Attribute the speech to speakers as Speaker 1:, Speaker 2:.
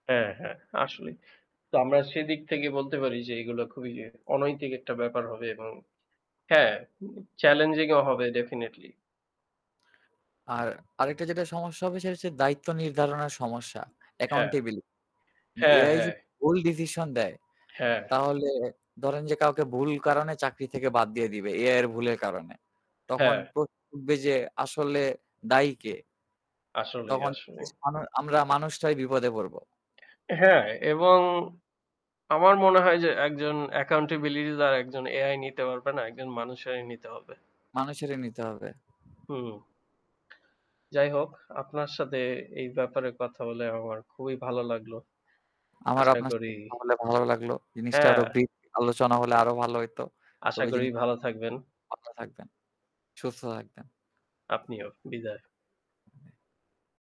Speaker 1: হ্যাঁ, হ্যাঁ আসলে। তো আমরা সেদিক থেকে বলতে পারি যে এগুলো খুবই অনৈতিক একটা ব্যাপার হবে, এবং হ্যাঁ চ্যালেঞ্জিং ও হবে ডেফিনিটলি।
Speaker 2: আর আরেকটা যেটা সমস্যা হবে সেটা হচ্ছে দায়িত্ব নির্ধারণের সমস্যা।
Speaker 1: হ্যাঁ।
Speaker 2: অ্যাকাউন্টেবিলিটি।
Speaker 1: হ্যাঁ,
Speaker 2: এআই
Speaker 1: হ্যাঁ।
Speaker 2: যদি ভুল ডিসিশন দেয়,
Speaker 1: হ্যাঁ।
Speaker 2: তাহলে ধরেন যে কাউকে ভুল কারণে চাকরি থেকে বাদ দিয়ে দিবে এআই এর ভুলের কারণে। তখন
Speaker 1: হ্যাঁ।
Speaker 2: প্রশ্ন উঠবে যে আসলে দায়ী কে?
Speaker 1: আসলেই,
Speaker 2: তখন
Speaker 1: আসলেই।
Speaker 2: আমরা মানুষটাই বিপদে পড়ব।
Speaker 1: হ্যাঁ, এবং আমার মনে হয় যে একজন অ্যাকাউন্টেবিলিটি আর একজন এআই নিতে পারবে না। একজন মানুষেরই নিতে হবে।
Speaker 2: মানুষেরই নিতে হবে।
Speaker 1: হুম। যাই হোক আপনার সাথে এই ব্যাপারে কথা বলে আমার খুবই ভালো লাগলো।
Speaker 2: আমারও
Speaker 1: আশা
Speaker 2: আপনার
Speaker 1: করি
Speaker 2: সাথে কথা হলে ভালো লাগলো। জিনিসটা আরো
Speaker 1: হ্যাঁ।
Speaker 2: [unintelligible] আলোচনা হলে আরো ভালো হইত।
Speaker 1: আশা
Speaker 2: তবে
Speaker 1: করি
Speaker 2: জিনিস
Speaker 1: ভালো থাকবেন।
Speaker 2: ভালো থাকবেন, সুস্থ থাকবেন।
Speaker 1: আপনিও। বিদায়।